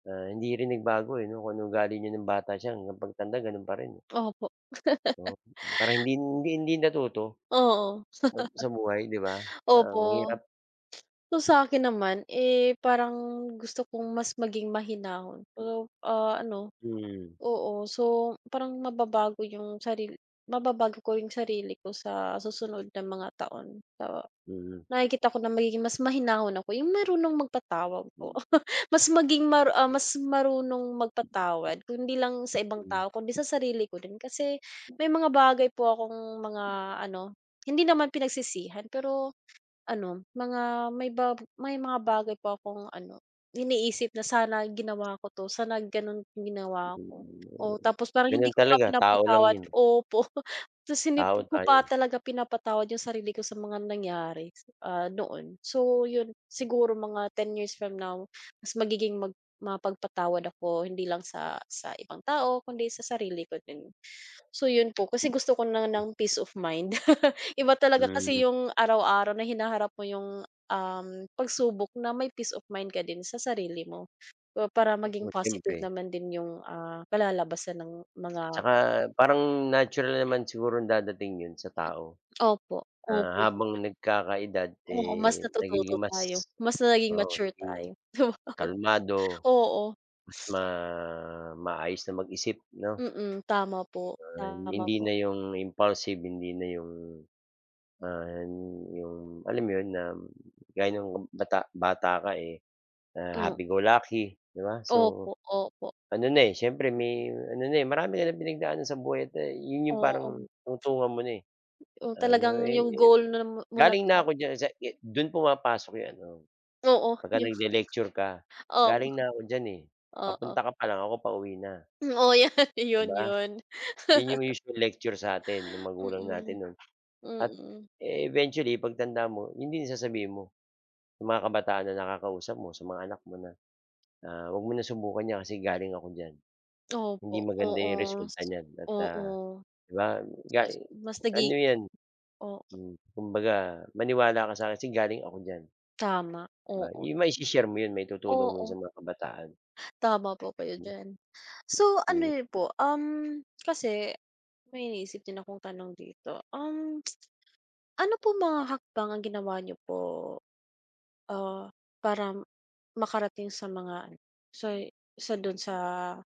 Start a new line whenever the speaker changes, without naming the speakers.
Ah, hindi rin nagbago eh, 'no kung anong ugali niya ng bata siya hanggang pagtanda gano'n pa rin.
Opo.
Oo parang hindi hindi hindi natuto
Oo.
mag sa buhay di ba ang
Opo.
hirap.
So sa akin naman eh, parang gusto kong mas maging mahinahon pero ah, ano
Mm.
oo, so parang mababago yung saril mababago ko yung sarili ko sa susunod na mga taon to
Mm.
nakikita ko na magiging mas mahinahon ako yung marunong magpatawad po
Hmm.
mas maging mar ah, mas marunong magpatawad kundi lang sa ibang tao kundi sa sarili ko rin kasi may mga bagay po kong mga ano hindi naman pinagsisihan pero ano mga may ba may mga bagay po akong ano iniisip na sana ginawa ko 'to sana ganon ginawa ko, o tapos parang hindi
Ganyan
ko pa
talaga tao lang
pinapatawad
yun.
opo tas hindi
Tao
ko
tayo
pa
eh.
talaga pinapatawad yung sarili ko sa mga nangyari ah, noon so yun siguro mga 10 years from now mas magiging mag mapagpatawad ako hindi lang sa sa ibang tao kundi sa sarili ko din. So yun po kasi gusto ko na ng peace of mind iba talaga
Mm.
kasi yung araw-araw na hinaharap mo yung um pagsubok na may peace of mind ka din sa sarili mo ah, para maging
Oo,
positive
siyempre.
naman din yung ah, kalalabasan ng mga.
Tsaka parang natural naman siguro dadating yun sa tao.
Opo
Ah,
opo.
habang
[unintelligible]
nagkakaedad
Oo, mas
eh,
na tututo
nagiging
tayo
mas
mas nagiging
oo
mature
sabihin mong,
tayo 'di wow
kalmado.
oo.
Mas ma maayos na mag-isip 'no.
Mm, tama po,
Ay
tama
hindi
po.
na yung impulsive hindi na yung, ah, 'yong alam mo 'yon na gaya ng bata-bata ka eh, ah,
Hmm.
happy go lucky 'di ba so
Opo, opo.
ano na eh, siyempre may ano na eh, marami ka ng pinagdaanan sa buhay at a 'yon 'yung parang
Oo.
tungtungan mo na eh,
'Yong,
ano
talagang
eh,
'yong goal ni mo na.
galing na ako
[unintelligible]
diyan sa ge do'n pumapasok 'yong ano
Oo
pag ka
yung
nag-le-lecture ka
Oo,
galing na ako diyan eh, papunta
oo.
ka pa lang ako pauwi na.
Um, oo yata
Di
yun
ba.
yun.
'Yon 'yong usual lecture sa atin ng magulang natin
Mm,
no'n at
mm.
eventually pagtanda mo yun din sasabihin mo sa mga kabataan na nakakausap mo sa mga anak mo na na huwag mo na subukan yan kasi galing ako diyan hindi
Opo,
maganda yung
oo,
resulta niyan at ah,
oo.
di ba gali
Mas
ano
naging
yan.
oo.
Hmm, kumbaga maniwala ka sa akin kasi galing ako diyan.
Tama, oo,
Yung ma i-she-share mo yun maitutulong mo
oo.
sa mga kabataan.
Tama po kayo diyan, so ano niyo po um, kasi may iniisip din akong tanong dito um. Ano po mga hakbang ang ginawa niyo po? Ah, para makarating sa mga ano sa sa dun sa